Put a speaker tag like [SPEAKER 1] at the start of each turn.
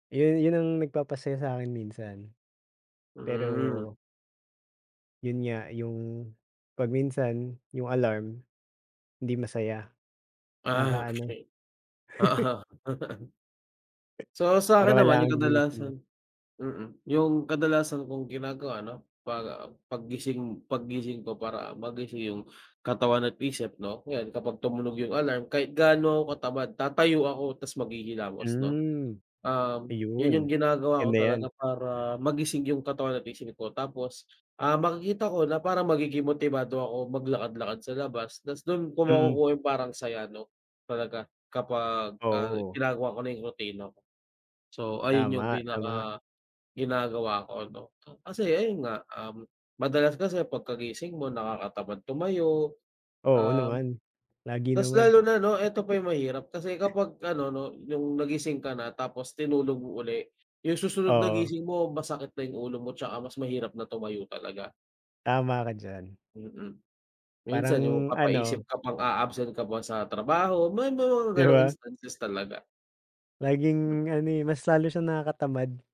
[SPEAKER 1] Yun, yun ang nagpapasaya sa'kin minsan.
[SPEAKER 2] Hmm.
[SPEAKER 1] Pero yun nga yung, pag minsan yung alarm, hindi masaya,
[SPEAKER 2] Ah,
[SPEAKER 1] nakaka-ano.
[SPEAKER 2] okey. Oo. So sa'kin
[SPEAKER 1] Pero
[SPEAKER 2] naman
[SPEAKER 1] kailangan
[SPEAKER 2] yung
[SPEAKER 1] gumising.
[SPEAKER 2] kadalasan mm, yung kadalasan kong ginagawa 'no pag pag gising paggising ko para magising yung katawan at isip 'no 'yan kapag tumunog yung alarm kahit gaano katamad tatayo ako ta's maghihilamos 'no.
[SPEAKER 1] Hmm.
[SPEAKER 2] Um, yun yung
[SPEAKER 1] Ayun,
[SPEAKER 2] ginagawa ko
[SPEAKER 1] ganda
[SPEAKER 2] talaga
[SPEAKER 1] yan.
[SPEAKER 2] para magising yung katawan at isip ko, tapos, ah, makikita ko na parang magiging motibado ako maglakad-lakad sa labas ta's do'n ko
[SPEAKER 1] Mm.
[SPEAKER 2] makukuha yung parang saya 'no, talaga kapagka
[SPEAKER 1] Oo.
[SPEAKER 2] ginagawa ko na yung rutina ko. So ayun yung
[SPEAKER 1] Tama, tama.
[SPEAKER 2] pinaka, ginagawa ko 'no kasi ayun nga, um madalas kasi pagkagising mo nakakatamad tumayo.
[SPEAKER 1] Oo
[SPEAKER 2] Um,
[SPEAKER 1] naman, lagi
[SPEAKER 2] ta's
[SPEAKER 1] naman.
[SPEAKER 2] lalo na 'no eto pa yung mahirap kasi kapag ano 'no yung nagising ka na tapos tinulog mo uli, yung susunod na
[SPEAKER 1] Oo.
[SPEAKER 2] gising mo masakit na yung ulo mo 'tsaka mas mahirap na tumayo talaga.
[SPEAKER 1] Tama ka diyan.
[SPEAKER 2] Mm. Minsan yung
[SPEAKER 1] Parang,
[SPEAKER 2] papaisip
[SPEAKER 1] ano
[SPEAKER 2] ka pang aa-absent ka pa sa trabaho, may mga
[SPEAKER 1] 'Di
[SPEAKER 2] ganong
[SPEAKER 1] ba?
[SPEAKER 2] instances talaga. Mm.
[SPEAKER 1] Laging ano, eh, mas lalo siyang nakakatamad.